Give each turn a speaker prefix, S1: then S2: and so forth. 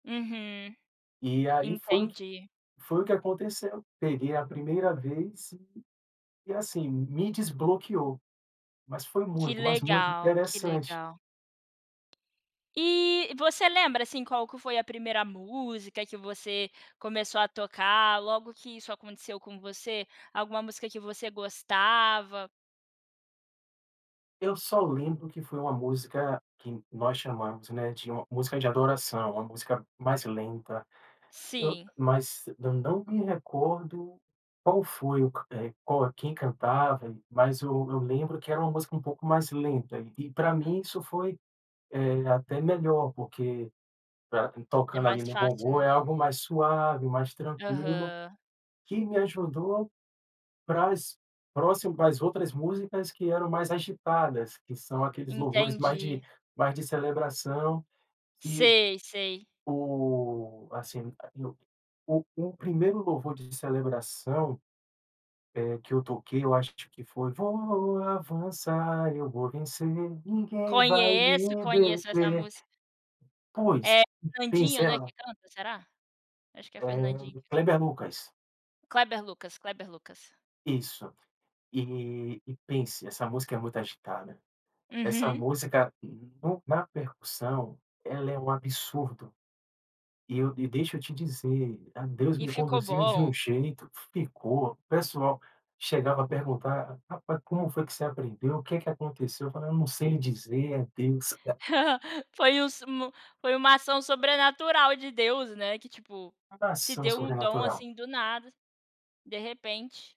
S1: Uhum,
S2: E aí foi o que
S1: entendi.
S2: foi o que aconteceu. Peguei a primeira vez e e assim, me desbloqueou, mas foi
S1: Que
S2: muito, mas muito
S1: legal, que
S2: interessante.
S1: legal. E você lembra, assim, qual que foi a primeira música que você começou a tocar logo que isso aconteceu com você? Alguma música que você gostava?
S2: Eu só lembro que foi uma música que nós chamamos, né, de uma música de adoração, uma música mais lenta. Eu
S1: Sim.
S2: mas eu não me recordo qual foi o eh, qual quem cantava. Mas o eu lembro que era uma música uma pouco mais lenta. E, pra mim, isso foi, eh, até melhor, porque pra
S1: É
S2: tocando ali
S1: mais
S2: no
S1: fácil,
S2: bongô,
S1: né?
S2: é algo mais suave, mais tranquilo,
S1: Aham.
S2: que me ajudou para as próximo para as outras músicas que eram mais agitadas, que são aqueles louvores mais de
S1: Entendi.
S2: mais de celebração que
S1: Sei, sei.
S2: o assim, e o o o primeiro louvor de celebração, eh, que eu toquei eu acho que foi: "Voa vou avançar, eu vou vencer, ninguém vai
S1: Conheço,
S2: me
S1: conheço essa
S2: deter".
S1: música.
S2: Pois,
S1: É
S2: pensa,
S1: Candinho,
S2: era
S1: né, que
S2: no
S1: canta, será? Acho que é Fernandinho
S2: Eh,
S1: que canta.
S2: Kleber Lucas.
S1: Kleber Lucas, Kleber Lucas.
S2: Isso. E e pense, essa música é muito agitada, essa
S1: Uhum.
S2: música no na percussão, ela é um absurdo. E eu e deixa eu te dizer, ah, Deus
S1: E
S2: me
S1: ficou
S2: conduziu de um
S1: bom?
S2: jeito. Ficou. O pessoal chegava a perguntar: "Rapaz, como foi que você aprendeu? O que que aconteceu?" Eu falei: "Eu não sei lhe dizer. É Deus".
S1: Foi o s mo foi uma ação sobrenatural de Deus, né, que, tipo,
S2: Toda
S1: te
S2: ação
S1: deu um dom,
S2: sobrenatural.
S1: assim, do nada, de repente.